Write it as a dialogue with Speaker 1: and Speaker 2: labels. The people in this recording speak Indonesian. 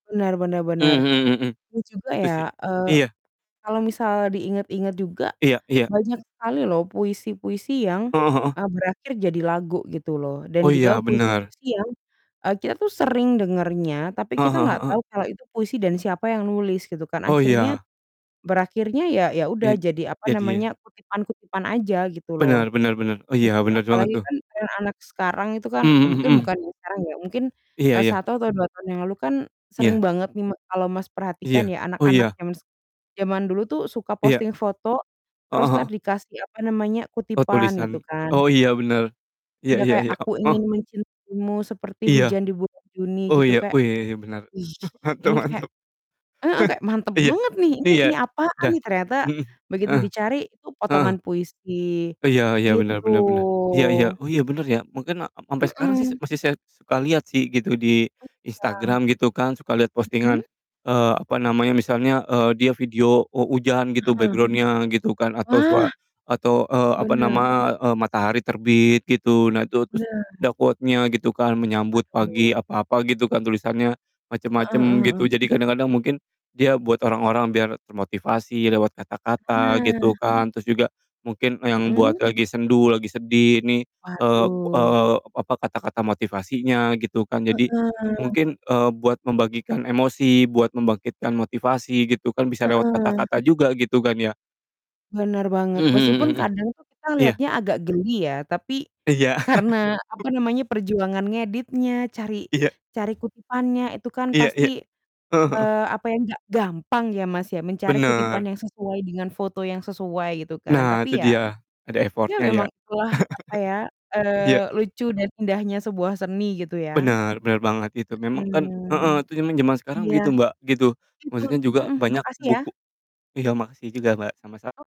Speaker 1: Benar benar
Speaker 2: Mmm,
Speaker 1: benar,
Speaker 2: mhm mhm.
Speaker 1: dan juga
Speaker 2: Gitu
Speaker 1: ya,
Speaker 2: sih.
Speaker 1: eee,
Speaker 2: Iya.
Speaker 1: kalau misalnya diingat-ingat juga,
Speaker 2: Iya iya.
Speaker 1: banyak sekali loh, puisi-puisi yang,
Speaker 2: Heeh heeh.
Speaker 1: e berakhir jadi lagu, gitu loh,
Speaker 2: Oh,
Speaker 1: dan
Speaker 2: iya,
Speaker 1: juga
Speaker 2: benar.
Speaker 1: puisi-puisi yang, e kita tuh sering dengernya, tapi
Speaker 2: Heeh
Speaker 1: kita
Speaker 2: heeh
Speaker 1: nggak
Speaker 2: heeh.
Speaker 1: tau kalau itu puisi dan siapa yang nulis, gitu kan,
Speaker 2: Oh,
Speaker 1: akhirnya,
Speaker 2: iya.
Speaker 1: berakhirnya ya ya udah,
Speaker 2: I
Speaker 1: jadi, apa
Speaker 2: jadi, ya.
Speaker 1: namanya, kutipan-kutipan aja, gitu loh.
Speaker 2: Benar benar benar. Oh, iya,
Speaker 1: Mhm,
Speaker 2: bener banget,
Speaker 1: apalagi
Speaker 2: tuh.
Speaker 1: kan, trend anak sekarang itu kan, e
Speaker 2: Mhm
Speaker 1: mungkin
Speaker 2: mhm.
Speaker 1: bukan yang sekarang ya, mungkin,
Speaker 2: Iya
Speaker 1: e
Speaker 2: iya.
Speaker 1: 1 atau 2 tahun yang lalu kan sering
Speaker 2: Iya.
Speaker 1: banget nih m kalau Mas perhatikan
Speaker 2: Iya.
Speaker 1: ya,
Speaker 2: Oh,
Speaker 1: anak-anak
Speaker 2: iya.
Speaker 1: zams zaman dulu tuh suka
Speaker 2: Iya.
Speaker 1: posting foto,
Speaker 2: Heeh
Speaker 1: terus entar
Speaker 2: heeh.
Speaker 1: dikasih, apa namanya,
Speaker 2: Oh,
Speaker 1: kutipan, gitu
Speaker 2: tulisan
Speaker 1: kan.
Speaker 2: oh, iya, benar. Iya
Speaker 1: Iya,
Speaker 2: iya
Speaker 1: kayak,
Speaker 2: iya. O
Speaker 1: "Aku
Speaker 2: heeh.
Speaker 1: ingin mencintaimu seperti
Speaker 2: Iya.
Speaker 1: hujan di bulan Juni,"
Speaker 2: Oh,
Speaker 1: gitu,
Speaker 2: iya,
Speaker 1: kayak,
Speaker 2: oh, iya iya, bener,
Speaker 1: wih,
Speaker 2: mantap
Speaker 1: ini kayak
Speaker 2: mantap.
Speaker 1: heeh, kayak mantap
Speaker 2: Iya
Speaker 1: banget nih
Speaker 2: iya,
Speaker 1: ini, apaan
Speaker 2: da
Speaker 1: nih, ternyata
Speaker 2: mhm,
Speaker 1: begitu
Speaker 2: heeh,
Speaker 1: dicari itu potongan
Speaker 2: heeh.
Speaker 1: puisi,
Speaker 2: Iya iya, benar
Speaker 1: gitu.
Speaker 2: benar benar, iya iya, oh, iya, bener, ya, mungkin ak sampe sekarang sih se
Speaker 1: Mhm.
Speaker 2: masih saya suka liat sih, gitu, di
Speaker 1: Iya.
Speaker 2: Instagram, gitu kan, suka liat
Speaker 1: Mhm?
Speaker 2: postingan, eee, apa namanya, misalnya, eee, dia video o hujan gitu,
Speaker 1: Heeh.
Speaker 2: background-nya gitu kan, atau sua
Speaker 1: Wah!
Speaker 2: atau, eee, apa
Speaker 1: Benar.
Speaker 2: nama, eee, matahari terbit gitu, nah, itu, terus
Speaker 1: Benar.
Speaker 2: ada quote-nya gitu kan, menyambut pagi
Speaker 1: Aduh.
Speaker 2: apa-apa gitu kan, tulisannya
Speaker 1: Heeh
Speaker 2: macem-macem,
Speaker 1: heeh
Speaker 2: gitu,
Speaker 1: heeh.
Speaker 2: jadi kadang-kadang mungkin dia buat orang-orang biar termotivasi lewat kata-kata, gitu
Speaker 1: Nah.
Speaker 2: kan. Terus juga mungkin e yang buat
Speaker 1: Mhm.
Speaker 2: lagi sendu, lagi sedih, ini, eee
Speaker 1: Waduh.
Speaker 2: eee, apa, kata-kata motivasinya, gitu kan. Jadi
Speaker 1: Heeh.
Speaker 2: mungkin, eee, buat membagikan emosi, buat membangkitkan motivasi, gitu kan, bisa lewat
Speaker 1: Heeh.
Speaker 2: kata-kata juga, gitu kan, ya.
Speaker 1: Benar banget,
Speaker 2: Mmm, mhm
Speaker 1: meskipun
Speaker 2: mhm mhm.
Speaker 1: kadang tuh kita
Speaker 2: Iya.
Speaker 1: liatnya agak geli ya, tapi
Speaker 2: Iya.
Speaker 1: karena, apa namanya, perjuangan ngeditnya, cari
Speaker 2: Iya.
Speaker 1: cari kutipannya, itu kan
Speaker 2: Iya
Speaker 1: pasti,
Speaker 2: iya, heeh heeh.
Speaker 1: eee, apa ya, gak gampang ya, Mas, ya, mencari kutipan
Speaker 2: Benar.
Speaker 1: yang sesuai dengan foto yang sesuai, gitu kan.
Speaker 2: Nah,
Speaker 1: Tapi
Speaker 2: itu
Speaker 1: ya,
Speaker 2: dia, ada
Speaker 1: ya
Speaker 2: effort-nya ya?
Speaker 1: memang itulah, apa ya,
Speaker 2: Iya.
Speaker 1: eee, lucu dan indahnya sebuah seni, gitu ya.
Speaker 2: Bener bener banget itu, memang kan heeh,
Speaker 1: Mhm.
Speaker 2: itu emang jaman sekarang
Speaker 1: Iya.
Speaker 2: begitu, Mbak, gitu,
Speaker 1: Betul,
Speaker 2: Maksudnya juga
Speaker 1: mhm,
Speaker 2: banyak
Speaker 1: makasih, ya.
Speaker 2: buku iya, makasih juga, Mbak, sama-sam
Speaker 1: O